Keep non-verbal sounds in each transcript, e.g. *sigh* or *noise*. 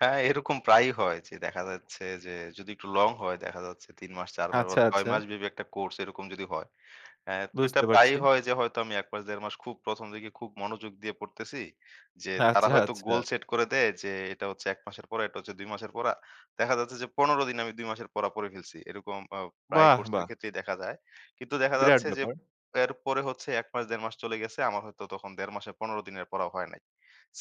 হ্যাঁ, এরকম প্রায়ই হয় যে দেখা যাচ্ছে যে যদি একটু লং হয় দেখা যাচ্ছে ৩ মাস, ৪ মাস, বা আচ্ছা, ৬ আচ্ছা। মাস ব্যাপী একটা কোর্স এরকম যদি হয়। অ্যা তো এটা বুঝতে পারছি। প্রায়ই হয় যে হয়তো আমি ১ মাস ১.৫ মাস খুব প্রথম দিকে খুব মনোযোগ দিয়ে পড়তেছি। যে তারা আচ্ছা, হয়তো গোল আচ্ছা। সেট করে দেয়, যে এটা হচ্ছে ১ মাসের পড়া, এটা হচ্ছে ২ মাসের পড়া। দেখা যাচ্ছে যে ১৫ দিনে আমি ২ মাসের পড়া পড়ে ফেলছি। এরকম আ প্রায়ই বাহ! কোর্সের বাহ! ক্ষেত্রেই দেখা যায়। কিন্তু দেখা বিরাট যাচ্ছে যে ব্যাপার। এরপরে হচ্ছে ১ মাস ১.৫ মাস চলে গেছে। আমার হয়তো তখন ১.৫ মাসে ১৫ দিনের পড়াও হয় নাই।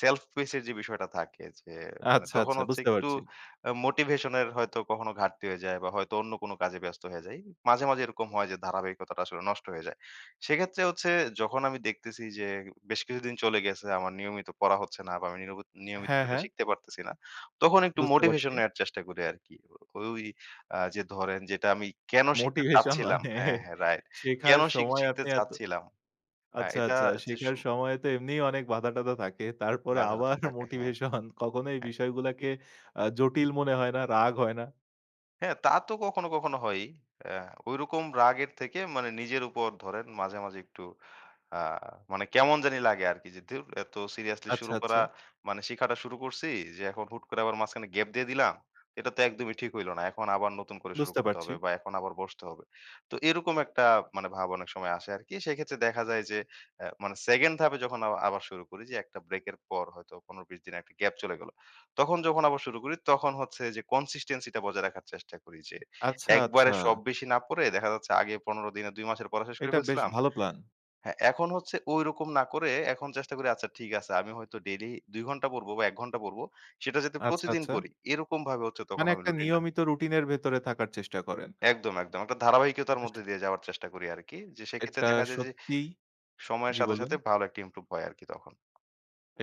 self pace এর যে বিষয়টা থাকে যে মানে আচ্ছা, তখন আচ্ছা। হচ্ছে বুঝতে একটু পারছি। অ্যা মোটিভেশন এর হয়তো কখনো ঘাটতি হয়ে যায় বা হয়তো অন্য কোনো কাজে ব্যস্ত হয়ে যাই। মাঝে, মাঝে এরকম হয় যে ধারাবাহিকতাটা আসলে নষ্ট হয়ে যায়। সেক্ষেত্রে হচ্ছে যখন আমি দেখতেছি যে বেশ কিছুদিন চলে গেছে আমার নিয়মিত পড়া হচ্ছে না বা আমি নিরবত নিয়মিত হ্যাঁ, এটা হ্যাঁ। শিখতে পারতেছি না, তখন একটু বুঝতে পারছি। মোটিভেশন নেওয়ার চেষ্টা করি আরকি। ও ওই আ যে ধরেন যে এটা আমি কেন শিখতে মোটিভেশন চাচ্ছিলাম? মানে হ্যাঁ, হ্যাঁ রাইট। শেখার কেন শিখ সময় শিখতে আপনি এত চাচ্ছিলাম? অ্যা আচ্ছা, এটা আচ্ছা। যে শেখার শু সময় তো এমনিই অনেক বাধা-টাধা থাকে। তারপরে বাধাটা তো আবার থাকে। হ্যাঁ, মোটিভেশন কখনো এই হ্যাঁ। বিষয়গুলাকে আ জটিল মনে হয় না? রাগ হয় না? হ্যাঁ। তা তো কখনো, কখনো হয়ই। অ্যা ওইরকম রাগের থেকে মানে নিজের উপর ধরেন মাঝে, মাঝে একটু আ মানে কেমন জানি লাগে আরকি। যে ধুর এত সিরিয়াসলি আচ্ছা, শুরু করা আচ্ছা। মানে শিখাটা শুরু করছি, যে এখন হুট করে আবার মাঝখানে গ্যাপ দিয়ে দিলাম? এটা তো একদমই ঠিক হইল না। এখন আবার নতুন করে শুরু বুঝতে করতে পারছি। হবে বা এখন আবার বসতে হবে। তো এরকম একটা মানে ভাব অনেক সময় আসে আরকি। সেইক্ষেত্রে দেখা যায় যে অ্যা মানে 2nd হাফে যখন আ আবার শুরু করি যে একটা ব্রেকের পর হয়তো 15-20 দিনের একটা গ্যাপ চলে গেলো। তখন যখন আবার শুরু করি, তখন হচ্ছে যে consistency টা বজায় রাখার চেষ্টা করি। যে আচ্ছা, আচ্ছা। একবারে সব বেশি না পড়ে দেখা যাচ্ছে আগে ১৫ দিনে ২ মাসের পড়া শেষ করে এটা বেশ ফেলছিলাম। ভালো প্ল্যান। হ্যাঁ, এখন হচ্ছে ঐরকম না করে এখন চেষ্টা করি আচ্ছা ঠিক আছে। আমি হয়তো ডেইলি ২ ঘণ্টা পড়ব বা ১ ঘণ্টা পড়ব, সেটা যাতে আচ্ছা, প্রতিদিন আচ্ছা। পড়ি এরকমভাবে হচ্ছে তখন মানে আমি একটা রুটিনটা নিয়মিত রুটিন এর ভেতরে থাকার চেষ্টা করেন। একদম, একদম। একটা ধারাবাহিকতার *unintelligible* মধ্যে দিয়ে যাওয়ার চেষ্টা করি আরকি। যে সেইক্ষেত্রে এটা দেখা যায় যে সত্যিই। সময়ের জি সাথে, বলুন। সাথে ভালো একটা ইমপ্রুভ হয় আরকি তখন।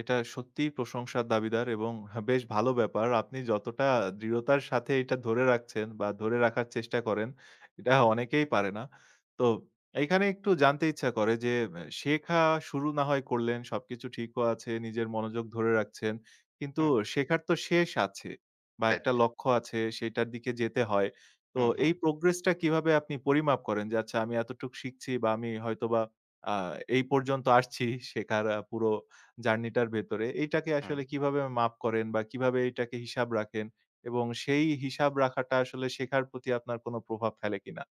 এটা সত্যিই প্রশংসার দাবিদার এবং হা বেশ ভালো ব্যাপার। আপনি যতটা দৃঢ়তার সাথে এইটা ধরে রাখছেন বা ধরে রাখার চেষ্টা করেন, এটা অনেকেই পারে না। তো এইখানে একটু জানতে ইচ্ছা করে যে আ শেখা শুরু না হয় করলেন, সবকিছু ঠিকও আছে, নিজের মনোযোগ ধরে রাখছেন। কিন্তু হুম। শেখার তো শেষ আছে। বা রাইট। একটা লক্ষ্য আছে, সেইটার দিকে যেতে হয়। তো হু, এই হু। progress টা কিভাবে আপনি পরিমাপ করেন? যে আচ্ছা আমি এতটুক শিখছি বা আমি হয়তোবা আ এই পর্যন্ত আসছি শেখার আ পুরো জার্নি টার ভেতরে, এইটাকে হুম। আসলে কিভাবে মাপ করেন বা কিভাবে এটাকে হিসাব রাখেন? এবং সেই হিসাব রাখাটা আসলে শেখার প্রতি আপনার কোন প্রভাব ফেলে কিনা?